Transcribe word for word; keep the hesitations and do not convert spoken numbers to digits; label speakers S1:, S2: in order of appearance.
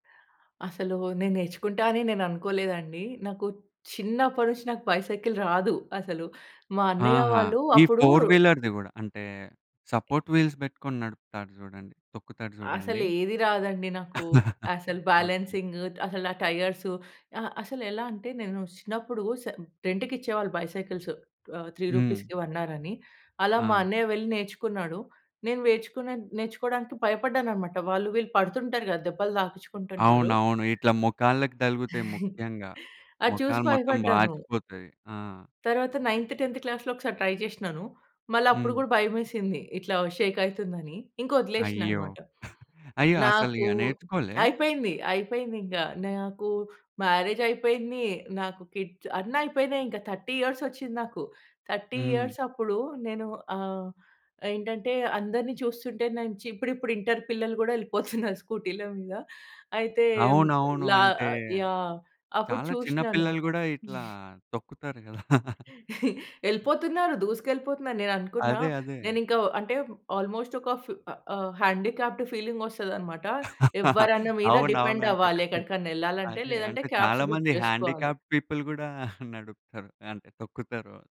S1: అసలు నేను నేర్చుకుంటా అని నేను అనుకోలేదు అండి. నాకు చిన్నప్పటి నుంచి నాకు బైసైకిల్ రాదు, అసలు. మా అన్నయ్య
S2: ఆహా!
S1: వాళ్ళు
S2: ఈ
S1: అప్పుడూ
S2: ఫోర్-వీలర్‌ది గూడా. అంటే సపోర్ట్ వీల్స్ బెట్టుకొని నడుపుతాడు జూడండి, తొక్కుతాడు చూడండి.
S1: అసలు ఏది రాదండి నాకు. అసలు
S2: ఓకే.
S1: బాలెన్సింగు అసలు ఆ టైయర్సు అ అసలు ఎలా అంటే, నేను చిన్నప్పుడు సె రెంట్‌కి ఇచ్చేవాళ్ళు బైసైకిల్సు. ఆహ్, త్రీ
S2: హ్మ్.
S1: రూపీస్‌కి వన్ అర్ అని. అలా
S2: ఆ!
S1: మా అన్నయ్య వెళ్లి నేర్చుకున్నాడు. నేను నేర్చుకోనే నేర్చుకోవడానికి భయపడ్డాను అనమాట. వాళ్ళు వీళ్ళు పడుతుంటారు గదా! దెబ్బలు తాగిచుకుంటుంటారు.
S2: అవునవును. ఇట్లా మొకాళ్ళకి తలుగుతాయి ముఖ్యంగా.
S1: అది చూసి
S2: మొకాలు మొత్తం
S1: భయపడ్డాను.
S2: వాచిపోతాది. ఆ!
S1: తరువాత నైన్త్, టెన్త్ క్లాస్‌లో ఒకసారి ట్రై జేశినాను. మళ్ళ అప్పుడు
S2: హ్మ్.
S1: గూడా భయమేసింది. ఇట్లా షేక్ అయితుందని. ఇంకా వదిలేసినా
S2: అయ్యో!
S1: అనమాట.
S2: అయ్యో! అసలు
S1: నాకూ
S2: ఇగ నేర్చుకోలే?
S1: అయిపోయింది, అయిపోయింది ఇంగ. నాకు మ్యారేజ్ అయిపోయింది, నాకు కిడ్స్ అన్ని అయిపోయినాయి ఇంకా. థర్టీ ఇయర్స్ వచ్చింది నాకు. థర్టీ
S2: హ్మ్.
S1: ఇయర్స్ అప్పుడు నేను ఆహ్, ఏంటంటే అందరిని చూస్తుంటే నాంచి ఇప్పుడిప్పుడు ఇంటర్ పిల్లలు గూడా వెళ్ళిపోతున్నారు స్కూటీ‌ల మీద. అయితే
S2: అవునవును.
S1: లా
S2: అంటే,
S1: యాహ్! అప్పుడు
S2: చాలా చిన్న
S1: చూశినాను.
S2: పిల్లలు గూడా ఇట్లా, తొక్కుతారు గదా!
S1: ఎళ్ళిపోతున్నారు, దూసుకెళ్ళిపోతున్నారు. నేను అనుకున్నా,
S2: అదే, అదే.
S1: నేను ఇంకా అంటే ఆల్మోస్ట్ ఒక ఫిఫ్ ఆహ్, ఆహ్, హ్యాండీక్యాప్డ్ ఫీలింగ్ వస్తదనమాట. ఎవ్వరన్న మీద
S2: అవునవును.
S1: డిపెండ్
S2: అంటే
S1: అవ్వాలి, ఎక్కడికైనా ఎళ్ళాలి అంటే.
S2: అదే.
S1: లేదంటే
S2: అంటే
S1: క్యాబ్స్
S2: చాలా
S1: బుక్
S2: మంది
S1: జేసుకోవాలి.
S2: హ్యాండీక్యాప్డ్ పీపుల్ గూడా నడుపుతారు, అంటే తొక్కుతారు.